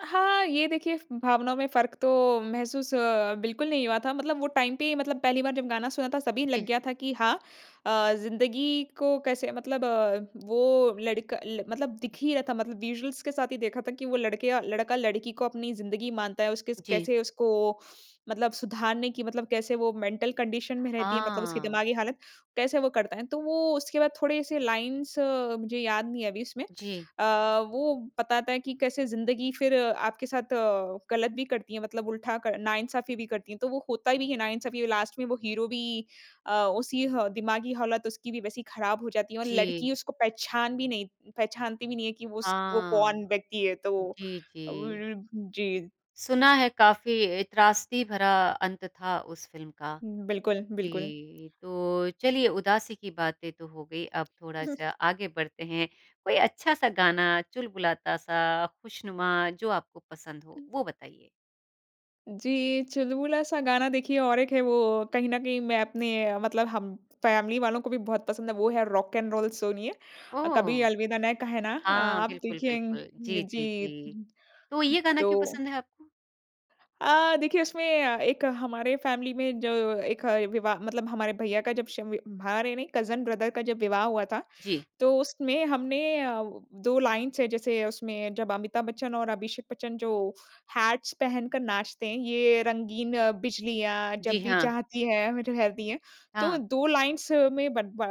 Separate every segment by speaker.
Speaker 1: हाँ, ये देखिए फ़ भावना में फ़र्क तो महसूस बिल्कुल नहीं हुआ था मतलब वो टाइम पे ही मतलब पहली बार जब गाना सुना था सभी लग
Speaker 2: जी।
Speaker 1: गया था कि हाँ, अ, ज़िंदगी को कैसे मतलब वो लड़का ल मतलब दिख ही रहा था मतलब विजुअल्स के साथ ही देखा था कि वो लड़के लड़का-लड़की को अपनी ज़िंदगी मानता है, उसके
Speaker 2: जी।
Speaker 1: कैसे उसको मतलब सुधारने की मतलब कैसे वो मेंटल कंडीशन में रहती है मतलब उसकी
Speaker 2: हाँ।
Speaker 1: दिमागी हालत, कैसे वो करता है। तो वो उसके बाद थोड़े-से लाइन्स मुझे याद नहीं है अभी उसमें,
Speaker 2: जी।
Speaker 1: अ, वो बताता है कि कैसे ज़िंदगी फिर आपके साथ गलत भी करती है मतलब उल्टा क नाइंसाफी भी करती है तो वो होता भी है नाइंसाफी लास्ट में वो हीरो भी अ, उसी ह दिमागी हालत उसकी भी वैसी ख़राब हो जाती है और
Speaker 2: जी।
Speaker 1: लड़की उसको पहचान भी नहीं पहचानती भी नहीं है कि उस वो कौन
Speaker 2: हाँ,
Speaker 1: व्यक्ति है तो
Speaker 2: जी,
Speaker 1: अब उ
Speaker 2: जी।
Speaker 1: उ जी।
Speaker 2: सुना है काफ़ी अ, त्रासदी भरा अंत था उस फ़िल्म का।
Speaker 1: उ बिल्कुल, बिल्कुल।
Speaker 2: जी, तो चलिए उदासी की बातें तो हो गई अब
Speaker 1: उ, हुँ।
Speaker 2: थोड़ा-सा आगे बढ़ते हैं, कोई अच्छा-सा गाना, चुलबुलाता-सा, ख़ुशनुमा, जो आपको पसंद हो वो बताइए?
Speaker 1: जी, चुलबुला-सा गाना देखिए और 1 है वो कहीं न कहीं मैं अपने मतलब हम फैमिली वालों को भी बहुत पसंद है वो है रॉक एन रोल सोणिये अ, कभी
Speaker 2: ओह!
Speaker 1: अलविदा ना कहना अ,
Speaker 2: हाँ,
Speaker 1: आप
Speaker 2: बिल्कुल,
Speaker 1: देखेंग
Speaker 2: बिल्कुल। जी, जी,
Speaker 1: जी।
Speaker 2: जी, तो ये गाना क्यों
Speaker 1: तो
Speaker 2: पसंद है आपको?
Speaker 1: अ, देखिए उसमें अ, एक हमारे फैमिली में जो 1 विवाह मतलब हमारे भैया का जब शवी भारे नहीं कज़न ब्रदर का जब विवाह हुआ था,
Speaker 2: जी।
Speaker 1: तो उसमें हमने अ, वो 2 लाइन्स हैं जैसे उसमें जब अमिताभ बच्चन और अभिषेक बच्चन जो हैट्स पहनकर नाचते हैं ये रंगीन बिजलियाँ
Speaker 2: जी,
Speaker 1: जब भी
Speaker 2: हाँ।
Speaker 1: जाती है, रहती है, तो
Speaker 2: हाँ।
Speaker 1: 2 लाइन्स में बन बा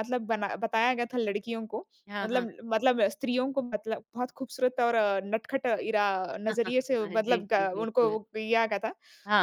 Speaker 1: मतलब बना बताया गया था लड़कियों को।
Speaker 2: हाँ, हाँ।
Speaker 1: मतलब मतलब स्त्रियों को मतलब बहुत खूबसूरत और नटखट ईरा नजरिए से
Speaker 2: हाँ, जी,
Speaker 1: मतलब
Speaker 2: जी,
Speaker 1: ग उनको
Speaker 2: बिल्कुल।
Speaker 1: दिया गया था।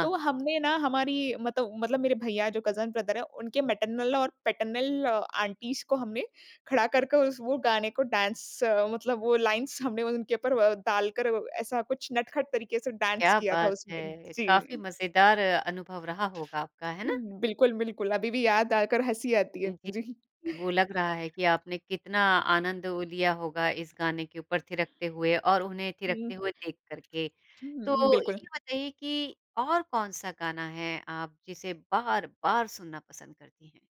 Speaker 1: तो हमने ना, हमारी मतलब मतलब मेरे भैया जो कज़न ब्रदर है उनके मैटरनल और पैटर्नल आंटीज़ को हमने खड़ा करके वो गाने को डांस मतलब वो लाइन्स हमने उनके ऊपर व डालकर ऐसा कुछ नटखट तरीके से डांस
Speaker 2: क्या
Speaker 1: किया था
Speaker 2: बात
Speaker 1: उसमें।
Speaker 2: है! काफ़ी
Speaker 1: जी।
Speaker 2: मज़ेदार अनुभव रहा होगा आपका, है ना?
Speaker 1: बिल्कुल, बिल्कुल, अभी भी याद आकर हँसी आती
Speaker 2: अ,
Speaker 1: है,
Speaker 2: जी,
Speaker 1: जी।
Speaker 2: वो लग रहा है कि आपने कितना आनंद ओ, लिया होगा इस गाने के ऊपर थिरकते हुए और उन्हें
Speaker 1: हुँ।
Speaker 2: थिरकते हुए देख कर के,
Speaker 1: हुँ, हुँ,।
Speaker 2: तो
Speaker 1: बिल्कुल।
Speaker 2: ये बताइए कि और कौन-सा गाना है आप जिसे बार-बार सुनना पसंद करती हैं?